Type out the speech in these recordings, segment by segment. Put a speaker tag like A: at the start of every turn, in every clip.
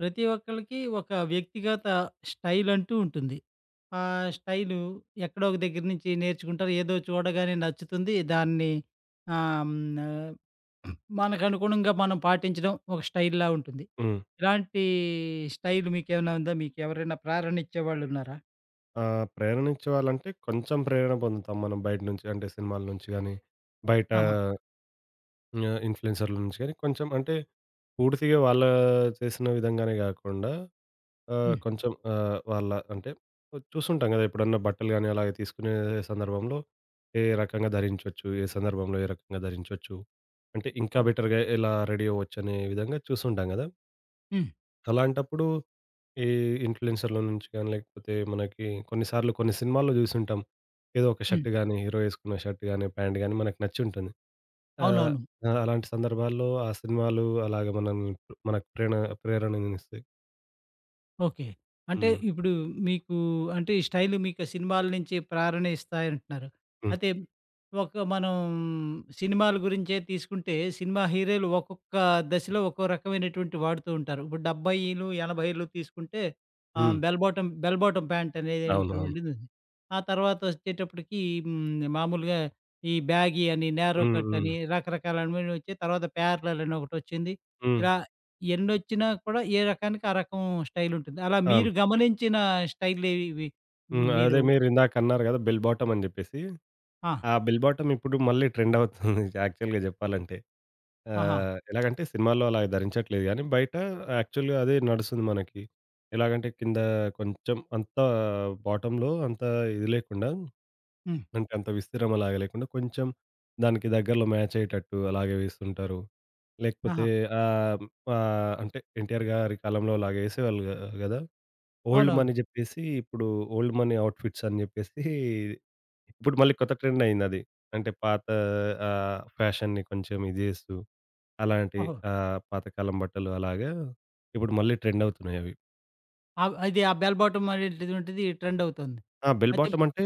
A: ప్రతి ఒక్కళ్ళకి ఒక వ్యక్తిగత స్టైల్ అంటూ ఉంటుంది. ఆహ్, స్టైలు ఎక్కడో ఒక దెగ్గర నుంచి నేర్చుకుంటారు ఏదో చూడగానే నచ్చుతుంది. దాన్ని ఆహ్, హ్మ్. ఆహ్, మనకనుగుణంగా మనం పాటించడం ఒక స్టైల్‌లా ఉంటుంది.
B: హ్మ్.
A: ఇలాంటి స్టైల్ మీకేవైనా ఉందా? మీకెవరన్నా ప్రేరణ ఇచ్చేవాళ్ళున్నారా?
B: ఆ! ప్రేరణిచ్చే వాళ్ళంటే కొంచెం ప్రేరణ పొందుతాం మనం. బయట నుంచి అంటే సినిమాల నుంచి గానీ, బయట
A: ఆహా!
B: ఆహ్, ఇన్‌ఫ్లుయెన్సర్ల నుంచె కొంచెం అంటే పూర్తిగా వాళ్ళ చేసిన విధంగానే గాకుండా ఆహ్,
A: హ్మ్.
B: కొంచెం ఆ వాళ్ళ అంటే చూస్తుంటాం గదా ఎప్పుడన్నా బట్టలు గాని, అలాగే తీసుకునే సందర్భంలో ఏ రకంగా ధరించొచ్చు. ఏ సందర్భంలో ఏ రకంగా ధరించొచ్చు. అంటే ఇంకా
A: అవును.
B: బెటర్‌గా ఎలా రెడీ అవ్వొచ్చనే విధంగా చూసి ఉంటాం గదా!
A: హ్మ్.
B: అలాంటప్పుడు ఈ ఇన్‌ఫ్లుయెన్సర్ల నుంచి గానీ, లేకపోతే మనకి కొన్ని సార్లు కొన్ని సినిమాల్లో జూసుంటాం. ఏదో ఒక
A: హ్మ్.
B: షర్ట్ గానీ, హీరో ఏసుకున్న షర్ట్ గాని ప్యాంట్ గాని మనకి నచ్చుంటుంది. ఆహ్,
A: అవునవును.
B: అలాంటి సందర్భాల్లో ఆ సినిమాలు అలాగ మనని మనక్ ప్రేణ ప్రేరణ ఇస్తాయి
A: ఓకే. అంటే
B: హ్మ్.
A: ఇప్పుడు మీకు అంటే స్టైలు మీకు సినిమాల నుంచి ప్రేరణ ఇస్తాయంటున్నారు.
B: హ్మ్.
A: అంటే, ఒక మనం సినిమాల గురించే తీసుకుంటే, సినిమా హీరోలు ఒక్కొక్క దశలో ఒక్కో రకమైనటువంటి వాడుతూ ఉంటారు. 70లు 80లు తీసుకుంటే ఆహ్,
B: హ్మ్.
A: బెల్ బాటం, బెల్ బాటం
B: అవును. అవును.
A: ప్యాంటనేటువంటిదుంది. ఆ తర్వాత వచ్చేటప్పటికి, హ్మ్. మామూలుగా ఈ బ్యాగీ అని, నారో
B: హ్మ్ హ్మ్.
A: కట్టని రకరకాలవన్ని వచ్చి తర్వాత 'ప్యారలెల్' అని ఒకటొచ్చింది
B: హ్మ్.
A: ఇలా ఎన్నొచ్చినా కూడా ఏ రకానికి, ఆ రకం స్టైలుంటుంది. అలా
B: అవును.
A: మీరు గమనించిన స్టైల్లేవి ఇవి?
B: హ్మ్. అదే
A: మీరు
B: మీరు ఇందాకన్నారు కదా! 'బెల్ బాటం' అని చెప్పేసి
A: ఆ!
B: ఆ 'బెల్ బాటం' ఇప్పుడు మళ్ళీ ట్రెండ్ అవుతుంది యాక్చువల్‌గా చెప్పాలంటే.
A: ఆహా!
B: ఆహ్, ఎలాగంటే సినిమాల్లో అలా ధరించట్లేదు కానీ, బయట యాక్చువల్‌గా అదే నడుస్తుంది మనకి. ఎలాగంటే కింద కొంచెం అంతా బాటమ్‌లో అంత ఇది లేకుండా,
A: హ్మ్.
B: అంటే, అంత విస్తీర్ణం అలాగా లేకుండా కొంచెం దానికి దగ్గరలో మ్యాచయ్యేటట్టు అలాగే వేస్తుంటారు.
A: ఆహా!
B: లేకపోతే ఆహ్, ఆహ్, అంటే ఎన్టీఆర్ గారి కాలంలో అలాగే ఏసేవాళ్ళు కదా! 'ఓల్డ్
A: అవునవును.
B: మనీ' చెప్పేసి, ఇప్పుడు ఓల్డ్ మనీ ఔట్‌ఫిట్స్ అని చెప్పేసి, ఇప్పుడు మళ్ళీ కొత్త ట్రెండ్ అయింది అది. అంటే, పాత ఆహ్, ఆ ఫ్యాషన్‌ని కొంచెం ఇది చేస్తూ, అలాంటి
A: ఓహో!
B: ఆహ్, పాత కాలం బట్టలు అలాగా ఇప్పుడు మళ్ళీ ట్రెండ్ అవుతున్నాయవి.
A: అవి అది ఆ బెల్ బాటం అనేటువంటిది, ట్రెండ్ అవుతోంది
B: ఆ! బెల్
A: అయితే
B: బాటమంటే,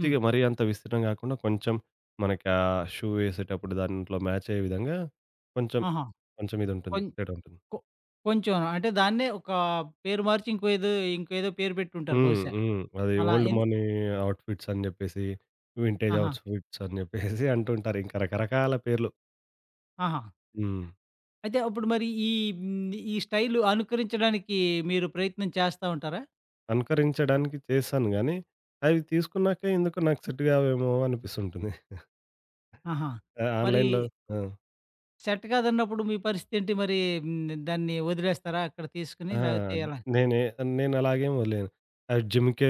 A: హ్మ్.
B: మరీ అంత విస్తీర్ణం కాకుండా కొంచెం, మనకి ఆ షూ ఏసేటప్పుడు దాంట్లో మాచయ్యే విధంగా, కొంచెం,
A: ఆహా!
B: కొంచెం ఇది ఉంటుంది,
A: కొం
B: తేడా ఉంటుంది.
A: కొ కొంచెం అంటే దాన్నే ఒక పేరు మార్చి ఇంకో ఏదో ఇంకేదో పేరు పెట్టి ఉంటారు
B: హ్మ్.
A: బహుశా.
B: హ్మ్. అది
A: అలా
B: ఓల్డ్
A: ఎన్ని
B: మనీ ఔట్‌ఫిట్స్ అని చెప్పేసి, వింటేజ్
A: ఆహా!
B: ఔట్‌ఫిట్స్ అని చెప్పేసి అంటుంటారు ఇంకా రకరకాల పేర్లు.
A: ఆహా!
B: హ్మ్.
A: అయితే అప్పుడు మరి ఈ హ్మ్. ఈ స్టైల్ అనుకరించడానికి మీరు ప్రయత్నం చేస్తా ఉంటారా?
B: అనుకరించడానికి చేశాను గానీ, అవి తీసుకున్నాకే ఎందుకో నాకు సెట్ కావేమో అనిపిస్తుంటుంది.
A: ఆహా!
B: ఆ
A: మరి
B: ఆన్‌లైన్‌లో ఆ!
A: సెట్ కాదన్నప్పుడు మీ పరిస్థితి ఏంటి? మరి హ్మ్, దాన్ని వదిలేస్తారా అక్కడ తీసుకొని,
B: ఆ!
A: లాకపోతే ఎలా?
B: నేనే నేను అలాగే వదిలేయను. ఆహ్, జిమ్‌కే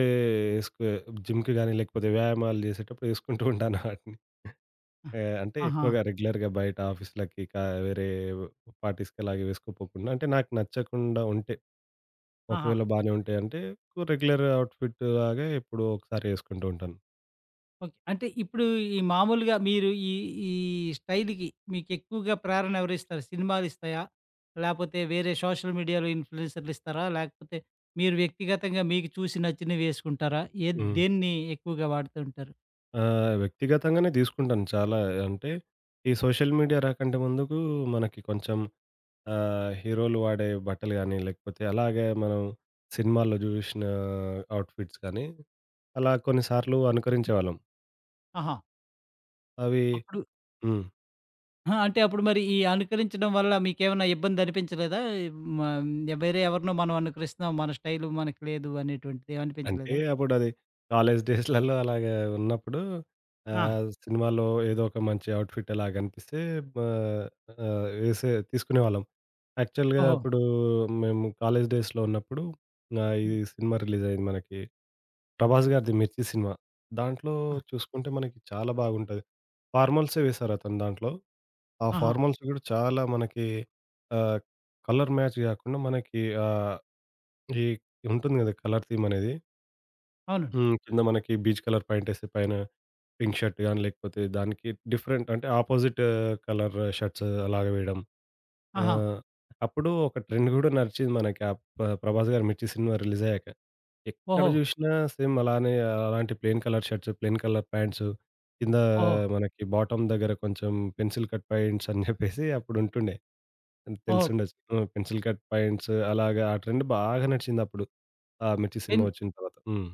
B: ఏసుకో జిమ్‌కి గానీ, లేకపోతే వ్యాయామాలు చేసేటప్పుడు ఏసుకుంటూ ఉంటాను ఆటిని.
A: ఆ!
B: ఆహ్, అంటే
A: ఆహా!
B: ఎక్కువగా రెగ్యులర్‌గా బయట ఆఫీసులకి, కా వేరే పార్టీస్‌కి అలాగే వేసుకోపోకుండా అంటే నాకు నచ్చకుండా ఉంటే.
A: ఆహా!
B: ఒకవేళ బానే ఉంటాయంటే, ఓ రెగ్యులర్ అవుట్‌ఫిట్‌లాగే ఎప్పుడో ఒకసారి ఏసుకుంటూ ఉంటాను.
A: ఓకే. అంటే ఇప్పుడు ఈ మామూలుగా మీరు ఈ ఈ స్టైల్‌కి మీకెక్కువగా ప్రేరణ ఎవరిస్తారు? సినిమాలిస్తాయా, లాకపోతే వేరే సోషల్ మీడియాలో ఇన్ఫ్లుయెన్సర్లిస్తారా? లాకపోతే మీరు వ్యక్తిగతంగా మీకు చూసి, నచ్చినవి వేసుకుంటారా? ఏ
B: హ్మ్.
A: దేన్ని ఎక్కువగా వాడుతూ ఉంటారు?
B: ఆహ్, వ్యక్తిగతంగానే తీసుకుంటాను చాలా. అంటే ఈ సోషల్ మీడియా రాకంటే ముందుకు మనకి కొంచెం ఆహ్, హీరోలు వాడే బట్టలు గానీ, లేకపోతే అలాగే మనం సినిమాల్లో జూసిన అవుట్‌ఫిట్స్ గానీ అలా కొన్ని సార్లు అనుకరించే వాళ్ళం.
A: ఆహా!
B: అవి
A: అప్పుడు
B: హ్మ్.
A: ఆ! అంటే, అప్పుడు మరి ఈ అనుకరించడం వల్ల మీకేవన్నా ఇబ్బందనిపించలేదా? హ్మ్. మనం వేరే ఎవరినో మనం అనుకరిస్తున్నాం, మన స్టైలు మనకు లేదు, అనేటువంటిది
B: అంటే,
A: ఏమనిపించలేదా?
B: అప్పుడది కాలేజ్ డేస్‌లలో అలాగా ఉన్నప్పుడు
A: ఆ!
B: ఆహ్, సినిమాలో ఏదో ఒక మంచి ఔట్‌ఫిట్ అలా గనిపిస్తే బా ఆహ్, వేసే తీసుకునే వాళ్ళం. యాక్చువల్‌గా
A: ఓహో!
B: అప్పుడు మేము కాలేజ్ డేస్‌లో ఉన్నప్పుడు, గా ఈ
A: హ్మ్.
B: సినిమా రిలీజ్ అయింది మనకి, 'ప్రభాస్' గారిది 'మిర్చి' సినిమా. దాంట్లో
A: ఆ!
B: చూసుకుంటే, మనకి చాలా బాగుంటది. ఫార్మల్‌సే వేశారు అతను దాంట్లో. ఆ
A: ఆహా!
B: ఫార్మల్స్ గూడా చాలా మనకి ఆహ్, కలర్ మ్యాచ్ గాకుండా మనకి ఆహ్, ఈ ఉంటుంది గదా! కలర్ థీమనేది
A: అవునండి.
B: హ్మ్. కింద మనకి బీజ్ కలర్ ప్యాంట్ ఏసి, పైన పింక్ షర్ట్ గానీ, లేకపోతే దానికి డిఫరెంట్ అంటే, ఆపోజిటు కలరు షర్ట్స్ అలాగా వేయడం.
A: ఆహా!
B: ఆహ్, అప్పుడు ఒక ట్రెండు గూడా నడిచింది మనకి అప్పుడు ప్ 'ప్రభాస్' గారి 'మిర్చి' సినిమా రిలీజ్ అయ్యాక, ఎక్కడ
A: ఓహో!
B: జూసినా సేమ్ అలానే ఆహ్, అలాంటి plain colour shirts, plain colour pants, కిందా
A: ఓహో!
B: మనకి బాటమ్ దగ్గర కొంచెం పెన్సిల్ కట్ ప్యాంట్స్ అని జెప్పేసి అప్పుడు ఉంటుండే. హ్మ్
A: ఓహో!
B: తెలిసుండొచ్చు. హ్మ్. పెన్సిల్ కట్ ప్యాంట్సు అలాగ ఆ ట్రెండ్ బాగా నడిచింది అప్పుడు. ఆ! 'మిర్చి' సినిమా
A: ఎన్
B: వచ్చిన తర్వాత. హ్మ్.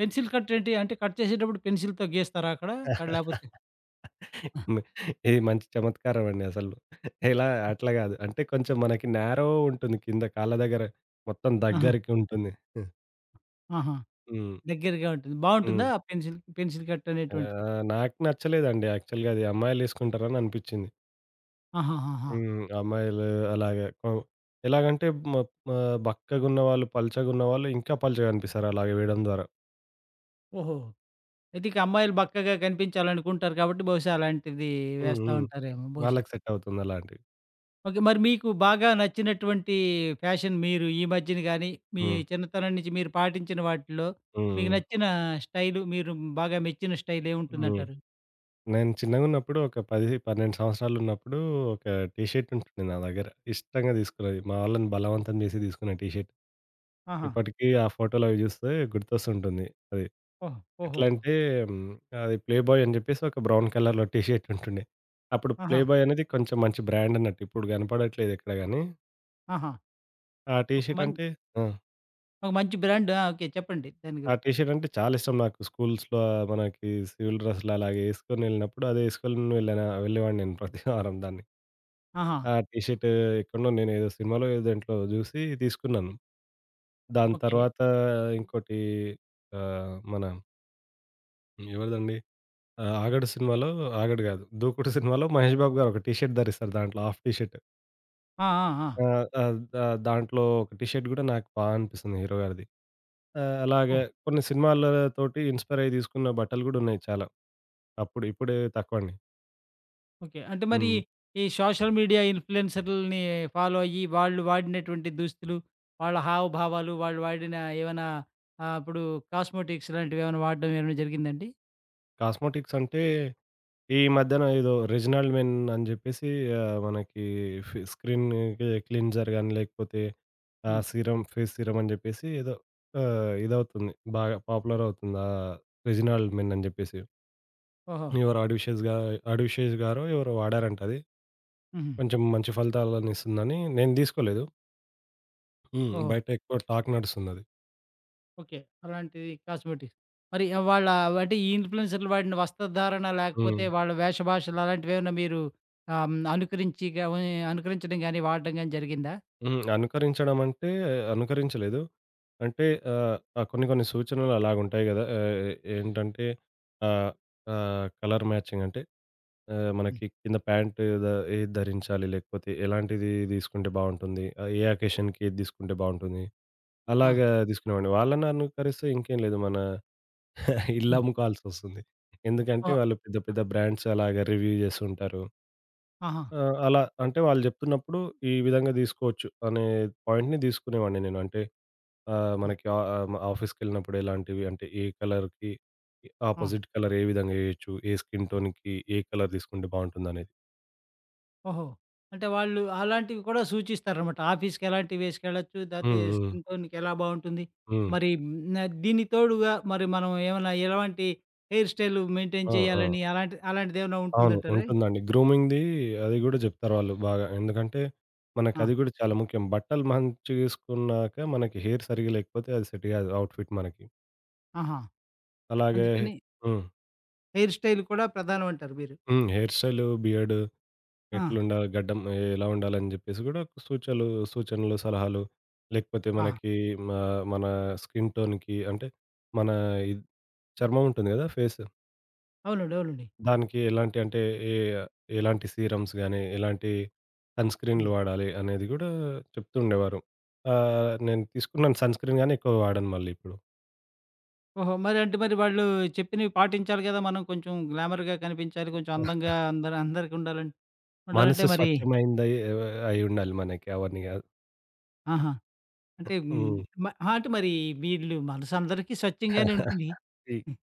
A: పెన్సిల్ కట్ ఏంటి? అంటే కట్ చేసేటప్పుడు పెన్సిల్‌తో గీస్తారా అక్కడ, లేకపోతే? ఆ!
B: మి ఇది మంచి చమత్కారం అండి అసలు. ఇలా
A: ఆ!
B: అట్లా కాదు. అంటే, కొంచెం మనకి నారో ఉంటుంది. కింద కాళ్ళ దగ్గర మొత్తం
A: ఆహా!
B: దగ్గరికి ఉంటుంది. ఆ!
A: ఆహా!
B: హ్మ్.
A: దగ్గరగా ఉంటుంది.
B: హ్మ్.
A: బాగుంటుందా ఆ పెన్సిల్, పెన్సిల్ కట్ అనేటువంటిది?
B: ఆహ్, నాకు నచ్చలేదండి యాక్చువల్‌గా. అది అమ్మాయిలేసుకుంటారని అనిపించింది.
A: ఆహాహాహా!
B: హ్మ్, అమ్మాయిలు అలాగే హ్మ్, ఎలాగంటే మొ ఆహ్, బక్కగా ఉన్న వాళ్ళు పల్చగా ఉన్న వాళ్ళు ఇంకా పల్చగనిపిస్తారు అలాగే వేయడం ద్వారా.
A: ఓహో! అయితే ఇక అమ్మాయిలు బక్కగా కనిపించాలనుకుంటారు కాబట్టి బహుశా అలాంటిది
B: హ్మ్.
A: వేస్తా
B: హ్మ్.
A: ఉంటారేమో బహుశా.
B: వాళ్ళకి సెట్ అవుతుందలాంటివి.
A: ఓకే. మరి మీకు బాగా నచ్చినటువంటి ఫ్యాషన్ మీరు ఈ మధ్యన గానీ, మీ
B: హ్మ్.
A: చిన్నతనం నుంచి మీరు పాటించిన వాటిలో మీకు
B: హ్మ్.
A: నచ్చిన స్టైలు మీరు బాగా మెచ్చిన స్టైల్ ఏముంటుంది
B: హ్మ్,
A: అంటారు?
B: నేను చిన్నగా ఉన్నప్పుడు ఒక 10, 12 సంవత్సరాలున్నప్పుడు ఒక టీ షర్ట్ ఉంటుంది నా దగ్గర. ఇష్టంగా తీసుకున్న అది. మా వాళ్ళని బలవంతం చేసి తీసుకున్న టీ షర్ట్
A: ఆహా!
B: ఇప్పటికీ ఆ ఫోటోలవి చూస్తే గుర్తొస్తూ ఉంటుంది. అది
A: ఓహ్!
B: ఎట్లా
A: ఓహోహో!
B: అంటే, అది ప్లే బాయ్ అని చెప్పేసి ఒక బ్రౌన్ కలర్‌లో టీ షర్ట్ ఉంటుండే. అప్పుడు ప్లే
A: ఆహా!
B: బాయ్ అనేది కొంచెం మంచి బ్రాండ్ అన్నట్టు. ఇప్పుడు కనపడట్లేదెక్కడ గానీ.
A: ఆహా!
B: ఆ టీ
A: ఒక
B: షర్ట్
A: మం
B: అంటే ఆ!
A: ఒక మంచి బ్రాండ్. ఆ! ఓకే. చెప్పండి దాని
B: ఆ
A: గురించి.
B: టీ షర్ట్ అంటే, చాలిష్టం నాకు. స్కూల్స్‌లో మనకి సివిల్ డ్రెస్సులలాగ ఏసుకొని ఎళ్ళినప్పుడు అదేసుకొలిని వెళ్ళాను ఆహ్, వెళ్ళేవాడిని నేను ప్రతివారం దాన్ని.
A: ఆహా!
B: ఆ టీ షర్టు ఎక్కడో నేను ఏదో సినిమాలో ఏదో దేంట్లో జూసి తీసుకున్నాను. దాని
A: ఓకే.
B: తర్వాత ఇంకోటి ఆహ్, మన... ఎవరిదండి? ఆ 'ఆగడు' సినిమాలో 'ఆగడు' కాదు 'దూకుడు' సినిమాలో 'మహేష్ బాబు' గారు ఒక టి షర్ట్ ధరిస్తారు దాంట్లో హాఫ్ టి షర్ట్.
A: ఆ! ఆ! ఆ!
B: ఆ! ఆ దా దాంట్లో ఒక టి షర్ట్ కూడా నాకు బాగా అనిపిస్తుంది హీరో గారిది. ఆహ్, అలాగే
A: ఓహ్!
B: కొన్ని సినిమాల తోటి ఇన్‌స్పైర్ అయ్యి దీసుకున్న బట్టలు గూడా ఉన్నయి చాలా. అప్పుడు ఇప్పుడు తక్కువండి.
A: ఓకే. అంటే మరీ
B: హ్మ్.
A: ఈ సోషల్ మీడియా ఇన్‌ఫ్లుయెన్సరులని ఫాలో అయ్యి, వాళ్ళు వాడినటువంటి దుస్తులు, వాళ్ళ హావభావాలు. వాళ్ళు వాడిన ఏవన్నా ఆహ్, అప్పుడు కాస్మోటిక్స్ లాంటివి ఏవన్నా వాడ్డం ఏమన్నా జరిగిందా అండి?
B: కాస్మోటిక్స్ అంటే, ఈ మధ్యన ఏదో 'రీజినల్ మెన్' అని చెప్పేసి మనకి ఫి స్క్రీన్ కి క్లీన్సర్ గాని, లేకపోతే ఆ
A: హ్మ్.
B: సీరమ్ ఫేస్ సీరమ్ అని జెప్పేసి ఏదో ఆహ్, ఇదవుతుంది బాగా పాపులర్ అవుతుంది. ఆ 'రెజినల్ మెన్' అని జెప్పేసి
A: ఓహో!
B: ఎవరు ఆడివి శేష గా 'ఆడవి శేష' గారో ఎవరో వాడారంటది.
A: హుహు.
B: కొంచెం మంచి ఫలితాలను ఇస్తుందని, నేను దీసుకోలేదు. హ్మ్.
A: ఓహో!
B: బయటెక్కువ టాక్ నడుస్తుందది.
A: ఓకే. అలాంటివి కాస్మెటిక్స్. మరి వాళ్ళ ఇన్ఫ్లూయెన్సర్‌లు వాడిన వస్త్రధారణ లేకపోతే
B: హ్మ్.
A: వాళ్ళ వేష భాషలు అలాంటివి ఏమైనా మీరు ఆహ్, అనుకరించి గమని అనుకరించడం గాని వాడడం గాని జరిగిందా?
B: హ్మ్. అనుకరించడం అంటే అనుకరించలేదు. అంటే, ఆహ్, కొన్ని, కొన్ని సూచనలు అలా ఉంటాయి కదా! ఆహ్, ఏంటంటే, ఆహ్, ఆహ్, కలర్ మ్యాచింగ్ అంటే ఆహ్,
A: హ్మ్.
B: మనకి కింద ప్యాంటు ద ఏది ధరించాలి, లేకపోతే ఎలాంటిది తీసుకుంటే బావుంటుంది, ఆహ్, ఏ అకేషన్‌కి ఏది తీసుకుంటే బావుంటుంది,
A: ఆ!
B: అలాగా తీసుకునేవాడిని. వాళ్ళని అనుకరిస్తే ఇంకేం లేదు మన ఇల్లు
A: హ్మ్.
B: అమ్ముకోవాల్సొస్తుంది. ఎందుకంటే
A: ఓహ్!
B: వాళ్ళు పెద్ద,
A: ఆ!
B: పెద్ద బ్రాండ్సలాగా రివ్యూ చేస్తూ ఉంటారు.
A: ఆహా!
B: ఆ! అలా అంటే వాళ్ళు చెప్తున్నప్పుడు ఈ విధంగా తీసుకోవచ్చు. అనే పాయింట్‌ని తీసుకునే వాడిని నేను. అంటే, ఆహ్,
A: హ్మ్.
B: మనకి ఆహ్, హ్మ్, ఆఫీస్‌కెళ్ళినప్పుడు ఎలాంటివి అంటే, ఏ కలర్‌కి
A: ఆ!
B: అపోజిట్ కలర్ ఏ విధంగా ఏయొచ్చు. ఏ స్కిన్ టోన్‌కి ఏ కలర్ తీసుకుంటే బాగుంటుందనేది.
A: ఓహో! అంటే, వాళ్ళు అలాంటివి కూడా సూచిస్తారనమాట. ఆఫీస్‌కెలాంటివి వేసుకెళ్లొచ్చు. లేతే
B: హుహు.
A: స్కిన్ టోన్‌కి ఎలా బాగుంటుంది,
B: హ్మ్.
A: మరి హ్మ్, న్ దీనికి తోడుగా, మరి మనం ఏమన్నా ఎలాంటి హెయిర్ స్టైల్ మెయింటైన్
B: ఆ! ఆ!
A: చేయాలని అలాంటి అలాంటిది ఏమైనా
B: అవును.
A: ఉంటుందంటారా?
B: ఉంటుందండి. గ్రూమింగ్ ది అది కూడా చెప్తారు వాళ్ళు బాగా. ఎందుకంటే మనకి అది
A: ఆ!
B: కూడా చాలా ముఖ్యం. బట్టలు మంచిగా ఏసుకున్నాక, మనకి హెయిర్ సరిగ్గా లేకపోతే అది సెట్ కాదు. అవుట్‌ఫిట్ మనకి.
A: ఆహా!
B: అలాగే
A: అందుకని
B: హ్మ్.
A: హెయిర్ స్టైల్ కూడా ప్రధానం అంటారు మీరు.
B: హ్మ్. హెయిర్ స్టైల్, బియర్డ్
A: ఆ!
B: ఎట్లుండాలి, గడ్డం ఎలా ఉండాలి అని చెప్పేసి కూడా ఒక సూచలు సూచనలు, సలహాలు, లేకపోతే
A: ఆహా!
B: మనకి ఆహ్, మన స్కిన్ టోన్‌కి అంటే మన ఇద్ చర్మం ఉంటుంది కదా! ఫేసు.
A: అవునండీ, అవునండీ.
B: దానికి ఎలాంటి అంటే ఏ ఎలాంటి సీరమ్స్ గాని, ఎలాంటి సన్‌స్క్రీన్లు
A: హ్మ్.
B: వాడాలి అనేది కూడా చెప్తు ఉండేవారు. అహ్, నేను తీసుకున్నాను సన్‌స్క్రీన్ గానీ, ఎక్కువ వాడను మళ్ళీ ఇప్పుడు.
A: ఓహో! మరి అంటే మారి వాళ్ళు చెప్పినవి పాటించాలి కదా. మనం కొంచెం గ్లామర్‌గా కనిపించాలి, కొంచెం అందంగా అందరి అందరికుండాలం ఉండాలంటే
B: మనసు
A: మరి
B: స్వచ్ఛమైనదయి ఆహ్, అయ్యి ఉండాలి మనకి, అవన్నీ కాదు.
A: ఆహా! అంటే
B: హ్మ్.
A: మ ఆహా! అంటే మరి వీళ్ళు మనసు అందరికీ స్వచ్ఛంగానే ఉంటుంది.
B: ది
A: హ్మ్.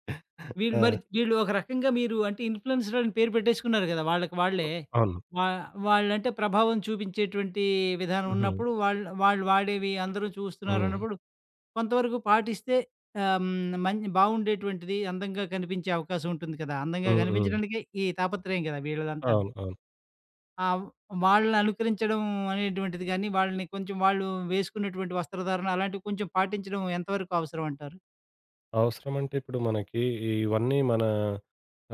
A: వీళ్ళు మరి
B: ఆ!
A: వీళ్ళు ఒక రకంగా మీరు అంటే ఇన్ఫ్లుయెన్సర్స్ అని పేరు పెట్టేసుకున్నారు కదా, వాళ్ళకి వాళ్ళే?
B: అవును.
A: వా వాళ్లంటే ప్రభావం చూపించేటువంటి విధానం
B: హుహు.
A: ఉన్నప్పుడు, వాళ్లు వాళ్ళు వాడేవి అందరూ
B: హ్మ్.
A: చూస్తున్నారన్నప్పుడు, కొంతవరకు పాటిస్తే ఆహ్, హ్మ్, మంచి బాగుండేటువంటిది. అందంగా కనిపించే అవకాశం ఉంటుంది కదా. అందంగా
B: హ్మ్, హ్మ్.
A: కనిపించడానికే ఈ తాపత్రయం కదా! వీళ్ళదంతా.
B: అవును, అవును.
A: ఆ! వాళ్ళననుకరించడం అనేటువంటిది గాని, వాళ్ళని కొంచెం వాళ్ళు వేసుకున్నటువంటి వస్త్రధారణ అలాంటివి కొంచెం పాటించడం ఎంతవరకు అవసరం అంటారు?
B: అవసరం అంటే ఇప్పుడు మనకి ఈ ఇవన్నీ మన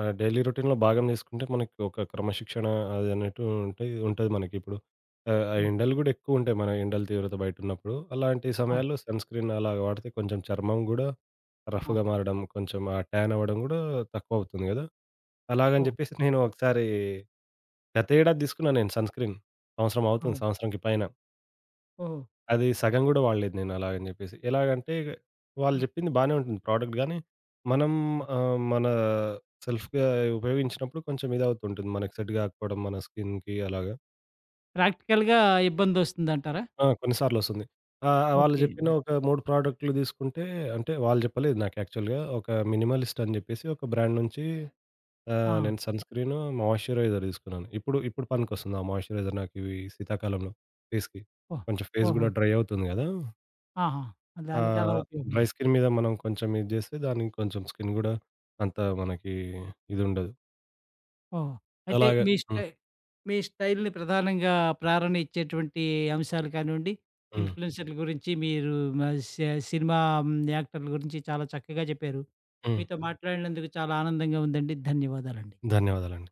B: ఆహ్, డైలీ రొటీన్‌లొ భాగం చేసుకుంటే మనకి ఒక క్రమశిక్షణ అది అనట్టు ఉంటే ఇదుంటది మనకి ఇప్పుడు. ఆహ్, ఆ!
A: హ్మ్.
B: ఎండలు గూడా ఎక్కువుంటాయి మన ఎండల తీవ్రత బయటున్నప్పుడు. అలాంటి
A: అవును.
B: సమయాల్లో సన్ స్క్రీన్ అలాగా వాడితే కొంచెం చర్మం గూడా
A: ఆ!
B: రఫ్ఫుగా మారడం కొంచెం, ఆ టానవ్వడం గూడా తక్కువవుతుంది కదా! అలాగని
A: ఓహ్!
B: జెప్పేసి నేను ఒకసారి గతేడాది తీసుకున్నాను నేను సన్ స్క్రీన్. సంవత్సరం అవుతుంది.
A: ఓహ్!
B: సంవత్సరానికి పైన.
A: ఓహో!
B: అది సగం కూడా వాడలేదు నేను అలాగని జెప్పేసి. ఎలాగంటే వాళ్ళు
A: ఆ!
B: జెప్పింది బానే ఉంటుంది ప్రొడక్ట్ గాని, మనం
A: హ్మ్.
B: ఆహ్, మన సెల్ఫ్‌గా ఉపయోగించినప్పుడు కొంచెం ఇదవుతూ ఉంటుంది. మనకు సెట్ గాకపోవడం మన స్కిన్‌కి అలాగా.
A: ప్రాక్టికల్‌గా ఇబ్బందొస్తుందంటారా?
B: ఆ! కొన్ని సార్లు వస్తుంది. ఆ! ఆ! వాళ్ళు
A: ఓకే.
B: జెప్పిన ఒక 3 ప్రొడక్టులు తీసుకుంటే, అంటే వాళ్ళు జెప్పలేదు నాకు యాక్చువల్‌గా. ఒక మినిమలిస్ట్ అని చెప్పేసి ఒక బ్రాండ్ నుంచి ఆహ్,
A: ఆ!
B: నేను సన్ స్క్రీన్, మాయిశ్చరైజర్ తీసుకున్నాను. ఇప్పుడు, ఇప్పుడు పనికొస్తుంది ఆ మాయిశ్చరైజర్ నాకు ఇవి శీతాకాలంలో ఫేస్‌కి.
A: ఓహ్!
B: కొంచెం ఫేస్
A: ఓహో!
B: గూడా డ్రై అవుతుంది కదా!
A: ఆహా! దానికలా
B: ఆహ్, డ్రై
A: ఉపయోగపడాలి.
B: స్కిన్ మీద మనం కొంచెం ఇది జేస్తే, దానికి కొంచెం స్కిన్ గూడా అంత మనకి ఇదుండదు.
A: ఓహ్! అయితే
B: అలాగ
A: మీ
B: హ్మ్.
A: స్టై మీ స్టైల్‌ని ప్రధానంగా ప్రేరణ ఇచ్చేటువంటి అంశాలు కానివ్వండి,
B: హ్మ్.
A: ఇన్ఫ్లుయెన్సర్ల గురించి మీరు ఆహ్, స సినిమా హ్మ్. యాక్టర్ల గురించి చాలా చక్కగా చెప్పారు.
B: హ్మ్.
A: మీతో మాట్లాడినందుకు చాలా ఆనందంగా ఉందండి. ధన్యవాదాలండి.
B: ధన్యవాదాలండి.